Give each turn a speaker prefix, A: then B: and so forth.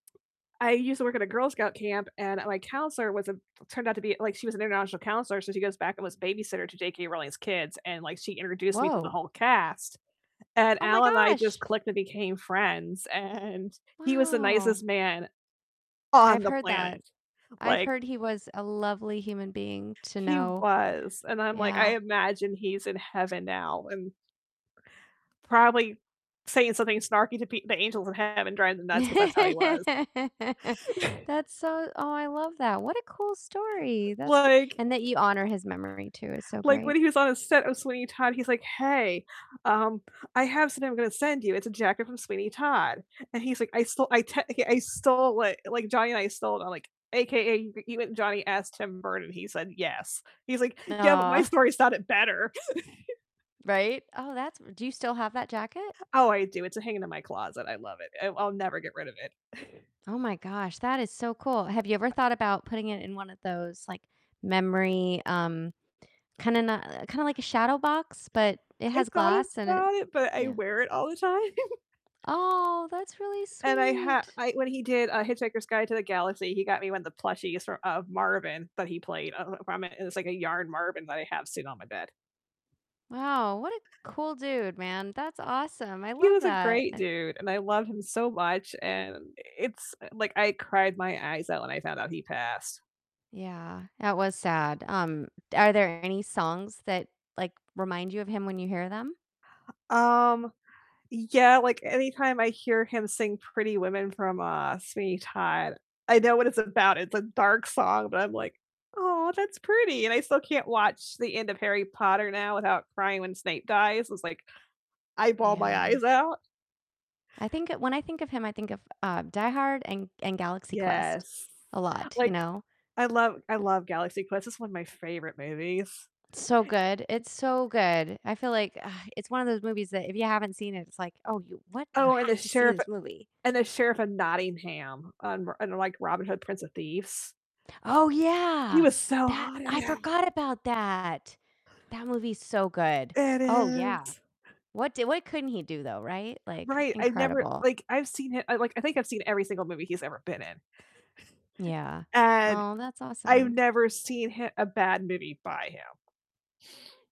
A: I used to work at a Girl Scout camp, and my counselor was a turned out to be, like she was an international counselor, so she goes back and was babysitter to J.K. Rowling's kids, and, like, she introduced me to the
B: Woah!
A: whole cast, and
B: Oh my
A: Alan and I just
B: gosh!
A: clicked and became friends, and he was the
B: Wow!
A: nicest man on
B: I've
A: the
B: heard that.
A: planet.
B: I've
A: Like
B: heard he was a lovely human being to
A: He
B: know.
A: was, and, I'm, like I
B: Yeah.
A: imagine he's in heaven now, and probably saying something snarky to p the angels in heaven, driving them nuts, 'cause that's how
B: That's
A: he was.
B: so oh, I love that, what a cool story. That's r
A: Like
B: and that you honor his memory too, is so
A: like, when
B: great.
A: he was on the set of Sweeney Todd, he's, like, "Hey, um, I have something I'm gonna send you, it's a jacket from Sweeney Todd," and he's, like, "I stole I technica I stole it, like, Johnny and I stole it." I'm, like, "AKA you and Johnny asked Tim Burton, and he said yes." He's, like, "Yeah, but my
B: Aw.
A: story sounded better."
B: Right? Oh, that's do you still have that jacket?
A: Oh, I do, it's a hanging in my closet, I love it. I I'll never get rid of it.
B: Oh my gosh, that is so cool. Have you ever thought about putting it in one of those, like, memory, um, kinda n uh, kinda, like, a shadow box, but it
A: I've
B: has
A: thought of
B: glass and it
A: that, but I
B: Yeah.
A: wear it all the time.
B: Aw, that's really
A: And I ha
B: sweet!
A: I when he did, uh, Hitchhiker's Guide to the Galaxy, he got me one of the plushies fro of Marvin that he played. I don't know if I m it's, like, a yarn Marvin that I have sitting on my bed.
B: Wow, what a cool dude, man. That's awesome, I
A: He
B: love
A: was a
B: that.
A: great
B: And
A: dude, and I loved him so much, and it's like, I cried my eyes out when I found out he passed.
B: yeah, that was sad. Um, are there any songs that, like, remind you of him when you hear them?
A: Um, yeah, like, anytime I hear him sing Pretty Women from, uh, Sweeney Todd I know what it's about, it's a dark song, but I'm, like, "Aw, that's pretty." And I still can't watch the end of Harry Potter now without crying when Snape dies, it's like, I bawl my
B: Yeah.
A: eyes out.
B: I think when I think of him, I think of, uh, "Die Hard" and and "Galaxy Quest"
A: Yes.
B: a lot, you
A: Like,
B: know?
A: I love I love Galaxy Quest, it's one of my favorite movies.
B: It's so good it's so good. I feel, like ugh, it's one of those movies that if you haven't seen it, it's, like, "Oh, you, what? You
A: Oh, and the
B: have to see
A: Sheriff
B: this movie."
A: and the Sheriff of Nottingham on Ro on, like, Robin Hood: Prince of Thieves.
B: Oh
A: He he
B: yeah,
A: was so
B: that
A: hot in
B: I
A: that.
B: forgot about that. That movie's so good,
A: It
B: oh yeah.
A: is.
B: What d what couldn't he do, though, right? Like,
A: Right, I've never
B: incredible.
A: like, I've seen I like, I think I've seen every single movie he's ever been in
B: Yeah.
A: and
B: Aw, that's
A: I've
B: awesome.
A: never seen hi a bad movie by him.